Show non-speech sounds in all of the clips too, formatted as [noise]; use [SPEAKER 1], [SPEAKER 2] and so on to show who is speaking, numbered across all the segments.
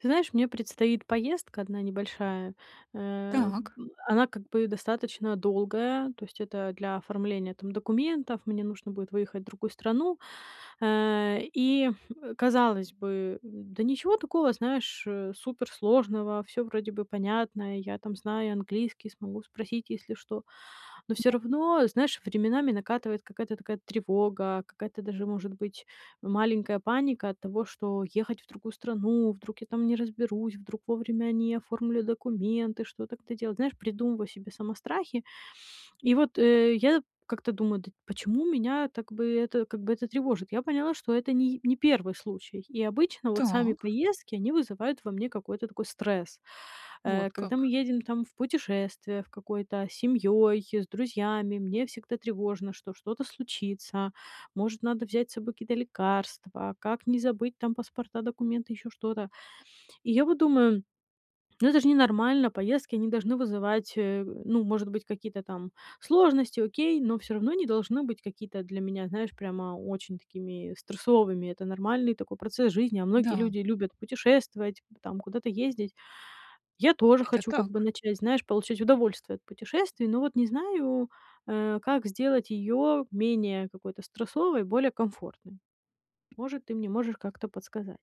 [SPEAKER 1] Ты знаешь, мне предстоит поездка одна небольшая. Э,
[SPEAKER 2] Так.
[SPEAKER 1] б она как бы достаточно долгая, то есть это для оформления там документов. Мне нужно будет выехать в другую страну. Э, и казалось бы, да ничего такого, знаешь, э, суперсложного, всё вроде бы понятно. Я, там, знаю английский, смогу спросить, если что. Но всё
[SPEAKER 2] [unintelligible]
[SPEAKER 1] равно, знаешь, временами накатывает какая-то такая тревога, какая-то даже, может быть, маленькая паника от того, что ехать в другую страну, вдруг я там не разберусь, вдруг вовремя не оформлю документы, что-то как-то делать. Знаешь, придумываю себе сама страхи. И вот, э, я как-то думаю: "Да почему меня так бы это как бы это тревожит?" Я поняла, что это не й не 1 случай, и обычно вот сами
[SPEAKER 2] Так.
[SPEAKER 1] поездки- они вызывают во мне какой-то такой стресс. Э,
[SPEAKER 2] Вот
[SPEAKER 1] когда мы
[SPEAKER 2] как.
[SPEAKER 1] едем там в путешествие в какое-то, семьей, с друзьями, мне всегда тревожно, что что-то случится, может, надо взять с собой какие-то лекарства, как не забыть, там, паспорта, документы, ещё что-то. И я вот думаю, ну это ж ненормально- поездки они должны вызывать, э, ну, может быть, какие-то там сложности, окей, но всё равно не должны быть какие-то для меня, знаешь, прямо очень такими стрессовыми. Это нормальный такой процесс жизни, а многие
[SPEAKER 2] Да.
[SPEAKER 1] люди любят путешествовать, там, куда-то ездить. Я тоже
[SPEAKER 2] Это
[SPEAKER 1] хочу как бы
[SPEAKER 2] так.
[SPEAKER 1] начать, знаешь, получать удовольствие от путешествий, но вот не знаю, э, как сделать ее менее какой-то стрессовой, более комфортной. Может, ты мне можешь как-то подсказать.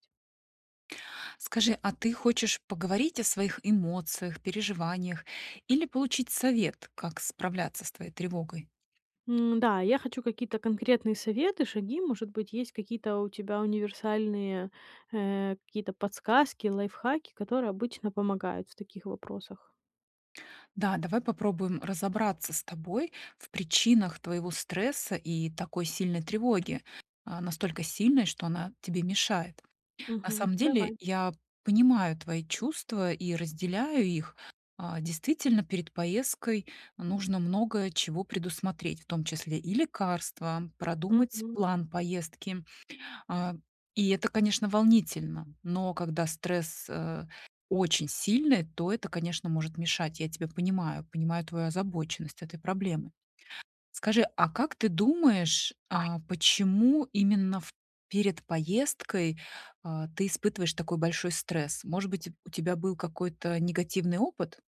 [SPEAKER 2] Скажи, а ты хочешь поговорить о своих эмоциях, переживаниях или получить совет, как справляться с твоей тревогой?
[SPEAKER 1] Н-да, я хочу какие-то конкретные советы, шаги. Может быть, есть какие-то у тебя универсальные, э, какие-то подсказки, лайфхаки, которые обычно помогают в таких вопросах.
[SPEAKER 2] Да, давай попробуем разобраться с тобой в причинах твоего стресса и такой сильной тревоги, а, настолько сильной, что она тебе мешает. На
[SPEAKER 1] Мгм.
[SPEAKER 2] самом деле,
[SPEAKER 1] Давай.
[SPEAKER 2] я понимаю твои чувства и разделяю их. А, действительно, перед поездкой нужно много чего предусмотреть, в том числе и лекарства, продумать
[SPEAKER 1] Мгм.
[SPEAKER 2] план поездки. А, и это, конечно, волнительно, но когда стресс, э, очень сильный, то это, конечно, может мешать. Я тебя понимаю, понимаю твою озабоченность этой проблемы. Скажи, а как ты думаешь, а почему именно в перед поездкой, а, ты испытываешь такой большой стресс? Может быть, у тебя был какой-то негативный опыт?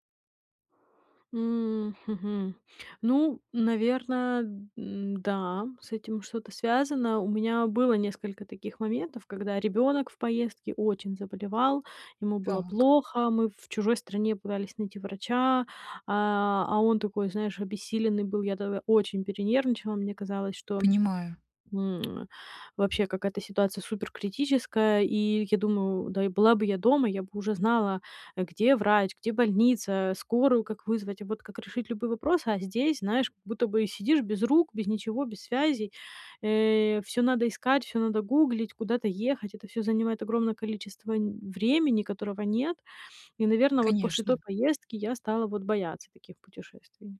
[SPEAKER 1] М, хм, мгм. Ну, наверное, н-да, с этим что-то связано. У меня было несколько таких моментов, когда ребенок в поездке очень заболевал, ему было
[SPEAKER 2] Так.
[SPEAKER 1] плохо, мы в чужой стране пытались найти врача, а, а он такой, знаешь, обессиленный был. Я тогда очень перенервничала. Мне казалось, что,
[SPEAKER 2] Понимаю.
[SPEAKER 1] м, [smacks lips] вообще какая-то ситуация суперкритическая. И я думаю: "Да и была бы я дома, я бы уже знала, где врач, где больница, скорую как вызвать, а, вот как решить любые вопросы". А здесь, знаешь, как будто бы, сидишь без рук, без ничего, без связей. Э, всё надо искать, всё надо гуглить, куда-то ехать. Это всё занимает огромное количество н времени, которого нет. И, наверное, вот после той
[SPEAKER 2] Конечно.
[SPEAKER 1] поездки я стала вот бояться таких путешествий.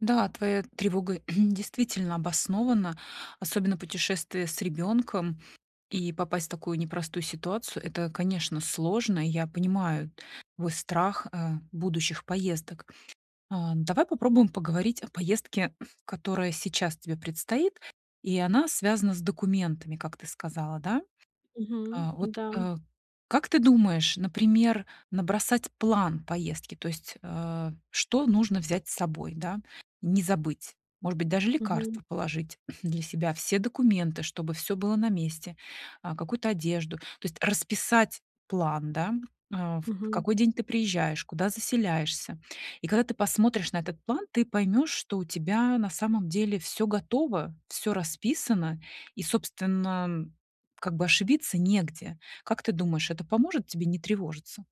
[SPEAKER 2] Да, твоя тревога [clears throat] действительно обоснована, особенно путешествие с ребенком и попасть в такую непростую ситуацию. Это, конечно, сложно, и я понимаю твой страх, э, будущих поездок. А, давай попробуем поговорить о поездке, [clears throat] которая сейчас тебе предстоит, и она связана с документами, как ты сказала, да?
[SPEAKER 1] Мгм,
[SPEAKER 2] Э, вот,
[SPEAKER 1] да.
[SPEAKER 2] э, как ты думаешь, например, набросать план поездки, то есть, э, что нужно взять с собой, да? Не забыть, может быть, даже
[SPEAKER 1] Мгм.
[SPEAKER 2] лекарства положить [clears throat] для себя, все документы, чтобы всё было на месте, э, какую-то одежду. То есть расписать план, да, э, в
[SPEAKER 1] Мгм.
[SPEAKER 2] какой день ты приезжаешь, куда заселяешься. И когда ты посмотришь на этот план, ты поймёшь, что у тебя на самом деле всё готово, всё расписано, и, собственно, как бы ошибиться негде. Как ты думаешь, это поможет тебе не тревожиться?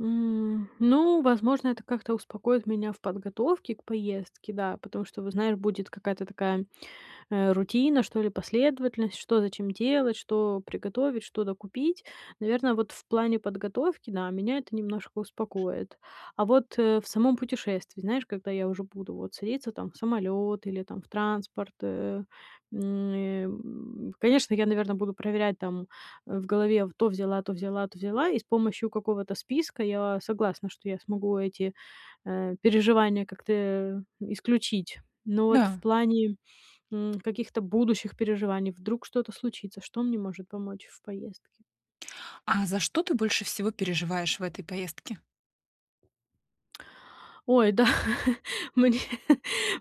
[SPEAKER 1] М, ну, возможно, это как-то успокоит меня в подготовке к поездке, да. Потому что, вот знаешь, будет какая-то такая, э, рутина, что ли, последовательность: что за чем делать, что приготовить, что докупить. Наверно, вот в плане подготовки, да, меня это немножко успокоит. А вот, э, в самом путешествии, знаешь, когда я уже буду, вот, садиться, там, в самолёт или, там, в транспорт, э, м, э, м, конечно, я, наверно, буду проверять, там, в голове: то взяла, то взяла, то взяла,- и с помощью какого-то списка, я согласна, что я смогу эти, э, переживания как-то, э, исключить. Но вот в
[SPEAKER 2] Да.
[SPEAKER 1] плане, м, каких-то будущих переживаний, вдруг что-то случится, что мне может помочь в поездке?
[SPEAKER 2] А за что ты больше всего переживаешь в этой поездке?
[SPEAKER 1] Ой, да, [chuckles] мне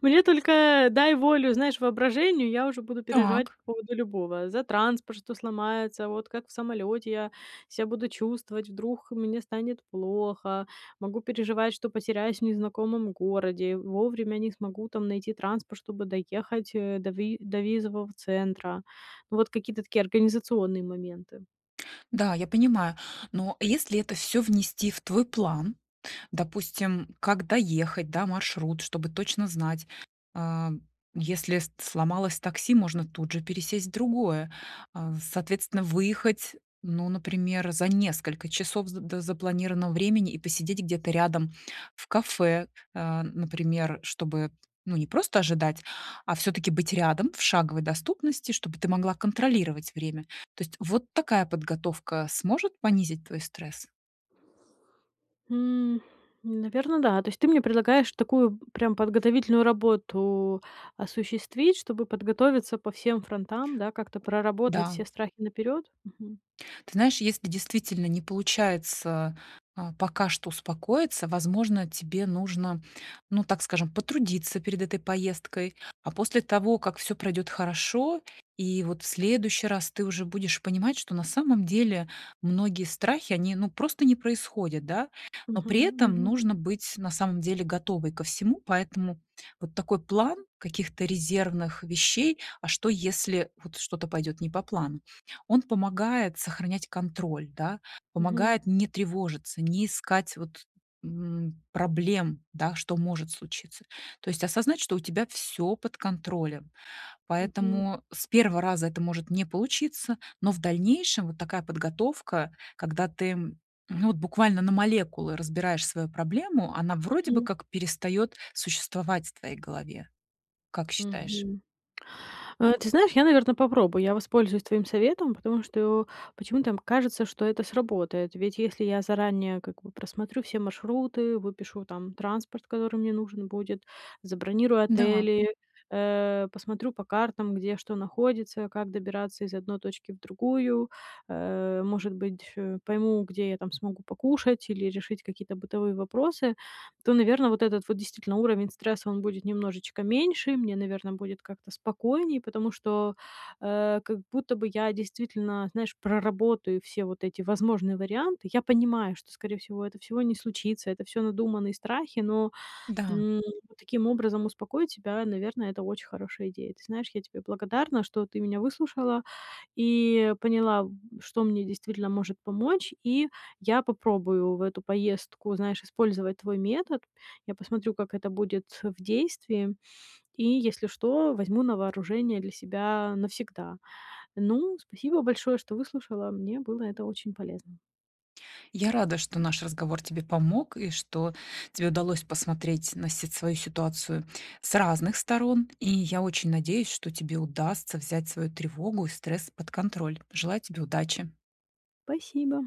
[SPEAKER 1] мне только дай волю, знаешь, воображению, я уже буду переживать
[SPEAKER 2] Так.
[SPEAKER 1] по поводу любого: за транспорт, что сломается, вот как в самолёте я ся буду чувствовать, вдруг мне станет плохо, могу переживать, что потеряюсь в незнакомом городе, вовремя не смогу там найти транспорт, чтобы доехать, э, до ви до визового центра. Ну, вот какие-то такие организационные моменты.
[SPEAKER 2] Да, я понимаю. Но если это всё внести в твой план, допустим, как доехать, да, маршрут, чтобы точно знать, а, если с сломалось такси, можно тут же пересесть в другое, а, соответственно, выехать, ну, например, за несколько часов з до запланированного времени и посидеть где-то рядом в кафе, э, например, чтобы, ну, не просто ожидать, а всё-таки быть рядом, в шаговой доступности, чтобы ты могла контролировать время. То есть вот такая подготовка сможет понизить твой стресс?
[SPEAKER 1] М, наверно, да. То есть ты мне предлагаешь такую прям подготовительную работу осуществить, чтобы подготовиться по всем фронтам, да, как-то проработать
[SPEAKER 2] Да.
[SPEAKER 1] все страхи наперёд? Мгм.
[SPEAKER 2] Ты знаешь, если действительно не получается, э, пока что успокоиться, возможно, тебе нужно, ну, так скажем, потрудиться перед этой поездкой, а после того, как всё пройдет хорошо, и вот в следующий раз ты уже будешь понимать, что на самом деле многие страхи, они, ну, просто не происходят, да, но
[SPEAKER 1] Мгм,
[SPEAKER 2] при этом
[SPEAKER 1] мгм.
[SPEAKER 2] нужно быть на самом деле готовой ко всему, поэтому вот такой план каких-то резервных вещей- а что, если вот что-то пойдёт не по плану,- он помогает сохранять контроль, да.
[SPEAKER 1] Мгм.
[SPEAKER 2] Помогает не тревожиться, не искать вот, м, проблем, да, что может случиться. То есть осознать, что у тебя всё под контролем,
[SPEAKER 1] Мгм.
[SPEAKER 2] поэтому с 1 раза это может не получиться, но в дальнейшем вот такая подготовка, когда ты, ну, вот буквально на молекулы разбираешь свою проблему, она вроде бы
[SPEAKER 1] Мгм.
[SPEAKER 2] как перестаёт существовать в твоей голове, как считаешь?
[SPEAKER 1] Мгм, э, ты знаешь, я, наверно, попробую. Я воспользуюсь твоим советом, потому что почему-то кажется, что это сработает. Ведь если я заранее, как бы, просмотрю все маршруты, выпишу там транспорт, который мне нужен будет, забронирую
[SPEAKER 2] Да.
[SPEAKER 1] отели, э, посмотрю по картам, где что находится, как добираться из одной точки в другую, э, может быть, э, пойму, где я там смогу покушать или решить какие-то бытовые вопросы, то, наверно, вот этот вот действительно уровень стресса, он будет немножечко меньше. И мне, наверно, будет как-то спокойнее, потому что, э, как будто бы я действительно, знаешь, проработаю все вот эти возможные варианты. Я понимаю, что, скорее всего, это всего не случится, это всё надуманные страхи, но,
[SPEAKER 2] Да.
[SPEAKER 1] м, но таким образом успокоить себя, наверное, это очень хорошая идея. Ты знаешь, я тебе благодарна, что ты меня выслушала и поняла, что мне действительно может помочь, и я попробую в эту поездку, знаешь, использовать твой метод. Я посмотрю, как это будет в действии, и, если что, возьму на вооружение для себя навсегда. Ну, спасибо большое, что выслушала. Мне было это очень полезно.
[SPEAKER 2] Я рада, что наш разговор тебе помог, и что тебе удалось посмотреть на си свою ситуацию с разных сторон. И я очень надеюсь, что тебе удастся взять свою тревогу и стресс под контроль. Желаю тебе удачи.
[SPEAKER 1] Спасибо.